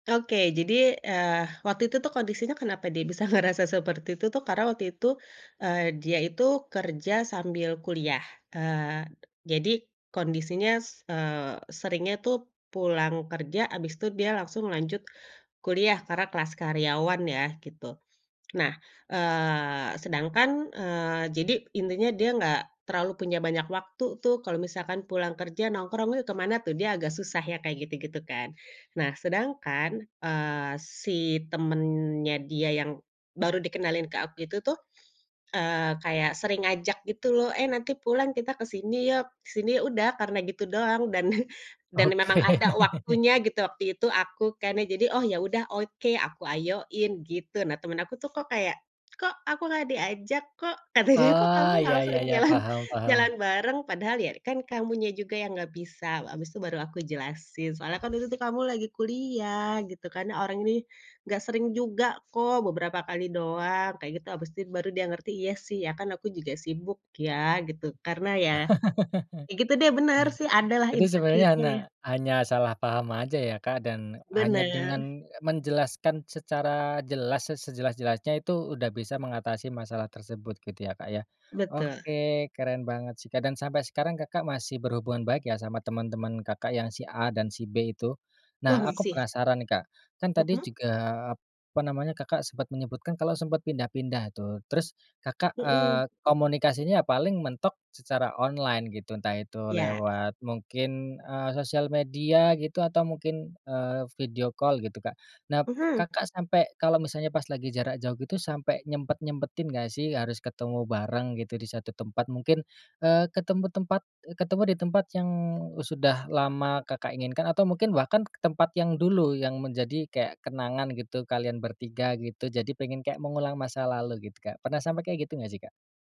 Oke, jadi, eee, waktu itu tuh kondisinya kenapa dia bisa ngerasa seperti itu tuh, karena waktu itu, eee, dia itu kerja sambil kuliah. Eee, jadi kondisinya, s eee, seringnya tuh pulang kerja, abis itu dia langsung lanjut kuliah, karena kelas karyawan ya, gitu. Nah, eee, sedangkan, eee, jadi intinya, dia enggak terlalu punya banyak waktu tuh kalau misalkan pulang kerja nongkrong kemana, tuh dia agak susah ya, kayak gitu-gitu kan. Nah, sedangkan, eee, si temennya dia yang baru dikenalin ke aku itu tuh, eee, kayak sering ngajak gitu loh, "Eh, nanti pulang kita ke sini yuk, ke sini." Udah karena gitu doang. Dan, dan memang Oke. ada waktunya gitu waktu itu aku kan ya, jadi "Oh ya udah oke." Aku ayoin, gitu. Nah, temen aku tuh kok kayak, "Kok aku enggak diajak? Kok?" Kata dia "Kok kamu Oh ya malah ya sering ya. jalan, Paham paham. jalan bareng." "Padahal ya kan kamunya juga yang enggak bisa." Abis itu baru aku jelasin, "Soalnya kan itu tuh kamu lagi kuliah." Gitu kan. "Orang ini enggak sering juga kok, beberapa kali doang." Kayak gitu. Abis itu baru dia ngerti, "Iya sih, ya kan aku juga sibuk ya." Gitu. Karena ya, gitu deh, bener sih, ada lah Hanya. Itu sebenarnya hanya, insecure-nya. hanya salah paham aja ya, Kak, dan hanya Benar. dengan menjelaskan secara jelas, sejelas-sejelasnya, itu udah bisa mengatasi masalah tersebut, gitu ya, Kak, ya? Betul. Oke, keren banget sih. Kak, dan sampai sekarang, Kakak masih berhubungan baik ya sama temen-temen Kakak, yang si A dan si B itu. Wah Nah, aku masih. penasaran, Kak, kan tadi Mhm. juga apa namanya Kakak sempet menyebutkan kalau sempet pindah-pindah tuh. Terus Kakak, Mhm. eee, komunikasinya paling mentok secara online gitu, entah itu Iya. lewat mungkin, eee, sosial media gitu atau mungkin, eee, video call gitu, Kak. Nah, Mhm. Kakak sampai kalau misalnya pas lagi jarak jauh gitu sampai nyempet-nyempetin enggak sih harus ketemu bareng gitu di satu tempat, mungkin, eee, ketemu tempat, ketemu di tempat yang sudah lama Kakak inginkan atau mungkin bahkan ke tempat yang dulu menjadi kayak kenangan gitu kalian bertiga gitu, jadi pengen kayak mengulang masa lalu gitu, Kak. Pernah sampai kayak gitu enggak sih, Kak?